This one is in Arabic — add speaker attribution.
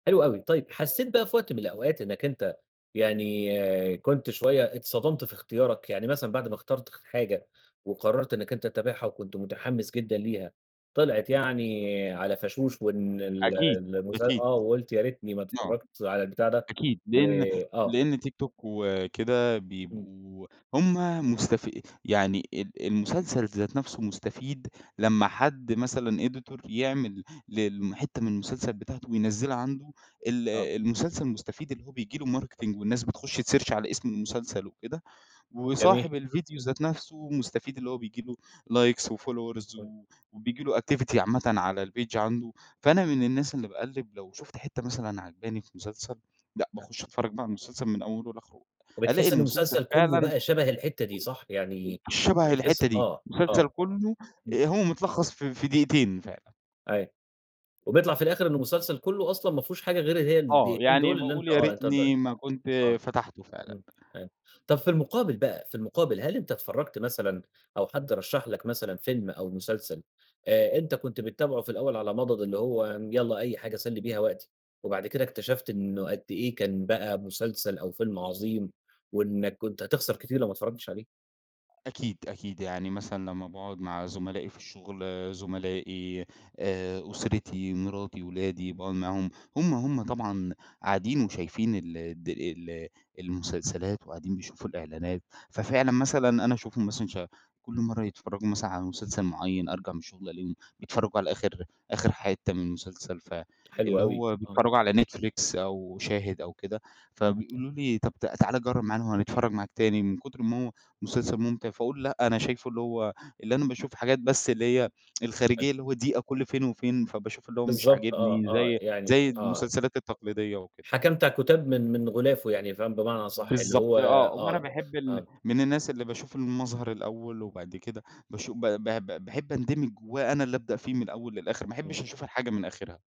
Speaker 1: حلو أوي. طيب حسيت بقى في وقت من الأوقات إنّك أنت يعني كنت شوية اتصدمت في اختيارك، يعني مثلًا بعد ما اخترت اخ حاجة وقررت إنّك أنت تتابعها وكنت متحمس جدًا ليها طلعِت يعني على فاشوش وإن ال
Speaker 2: أكيد،
Speaker 1: النظ
Speaker 2: أكيد.
Speaker 1: آه، وقُلت يا ريتني ما
Speaker 2: آه.
Speaker 1: اتفرجت على البتاع ده
Speaker 2: أكيد،
Speaker 1: و
Speaker 2: لأن
Speaker 1: آه.
Speaker 2: لأن تيك توك وكده
Speaker 1: إمم.
Speaker 2: بيبقوا هُم مستفي يعني ال المسلسل ذات نفسه مستفيد لمّا حد مثلًا editor يعمل لل حِتّة من المسلسل بتاعته وينَزّلها عنده ال
Speaker 1: آه.
Speaker 2: المسلسل مستفيد اللي هو بييجي له marketing والناس بتخُش تسيرش على اسم المسلسل وكده
Speaker 1: جميل.
Speaker 2: وصاحب الفيديو ذات نفسه مستفيد اللي هو بييجي له likes وfollowers
Speaker 1: [unintelligible]
Speaker 2: وبييجي له activity عامة ًعلى الpage عنده، فأنا من الناس اللي باقَلّب لو شُفت حتّة مثلًا عجباني في المسلسل لأ باخش أتفرج
Speaker 1: [unintelligible]
Speaker 2: بقى على المسلسل من أوله لآخره، ألاقي
Speaker 1: بتحس إن
Speaker 2: المسلسل
Speaker 1: المسلسل كله
Speaker 2: فعلًا
Speaker 1: بقى شبه الحتّة دي، صح؟ يعني
Speaker 2: الشبه
Speaker 1: بتحس
Speaker 2: الحتّة دي
Speaker 1: آه، آه،
Speaker 2: مسلسل كُلّه
Speaker 1: إمم.
Speaker 2: هو متلخص في في دقيقتين
Speaker 1: إمم.
Speaker 2: فعلًا.
Speaker 1: أيوه، وبيطلع في الآخر إنه مسلسل كله أصلًا ما فيهوش حاجة غير اللي هي
Speaker 2: آه،
Speaker 1: الدقيقتين
Speaker 2: يعني
Speaker 1: دُول اللي
Speaker 2: باقول
Speaker 1: أنت
Speaker 2: يا
Speaker 1: آه، أنت ض
Speaker 2: ريتني ما كنت
Speaker 1: آه.
Speaker 2: فتحته فعلًا.
Speaker 1: امم، [unintelligible] طب في المقابل بقى في المقابل هل أنت اتفرجت مثلًا أو حد رشح لك مثلًا فيلم أو مسلسل آآ، أنت كنت بتابعه في الأول على مضض اللي هو يالّا أي حاجة أسَلّي بيها وقتي، وبعد كده اكتشفت إنّه قد ايه كان بقى مسلسل أو فيلم عظيم وإنّك كنت هتخسر كتير لو ما اتفرجتش عليه؟
Speaker 2: أكيد، أكيد، يعني مثلًا لما باقعد مع زملائي في الشغل، زملائي آآ، أسرتي مراتي، ولادي باقعد معاهم، هُم هُم طبعًا قاعدين وشايفين ال الد المسلسلات وقاعدين بيشوفوا الإعلانات ففعلًا مثلًا أنا أشوفهم مثلًا ش كل مرة يتفرجوا مثلًا على مسلسل معين أرجع من الشغل ألاقيهم بيتفرجوا على آخر آخر حتّة من المسلسل ف
Speaker 1: حلو
Speaker 2: اللي
Speaker 1: أوي.
Speaker 2: هو
Speaker 1: آه.
Speaker 2: بيتفرجوا على نتفليكس أو شاهد أو كده، فبيقولوا لي طب تعال جرّب معانا وهنتفرج معاك تاني من كُتر ما هو مسلسل ممتع، فأقول لأ، أنا شايفه اللي هو اللي أنا باشوف حاجات بس اللي هي
Speaker 1: حلو.
Speaker 2: الخارجية اللي هو دقيقة كل فين وفين فباشوف إن هو مش
Speaker 1: بالضبط، آه،
Speaker 2: عاجبني
Speaker 1: آه،
Speaker 2: زي
Speaker 1: يعني
Speaker 2: زي
Speaker 1: آه.
Speaker 2: المسلسلات التقليدية وكده.
Speaker 1: حكمت على الكتاب من من غلافه يعني، فاهم؟ بمعنى أصح اللي هو
Speaker 2: بالضبط، آه. وأنا
Speaker 1: آه،
Speaker 2: باحب إن
Speaker 1: آه.
Speaker 2: من الناس اللي باشوف المظهر الأول، وبعد كده باشو ب ب ب باحب أندمج جواه أنا اللي أبدأ فيه من الأول للآخر، ما
Speaker 1: إمم.
Speaker 2: أحبش أشوف الحاجة من آخرها.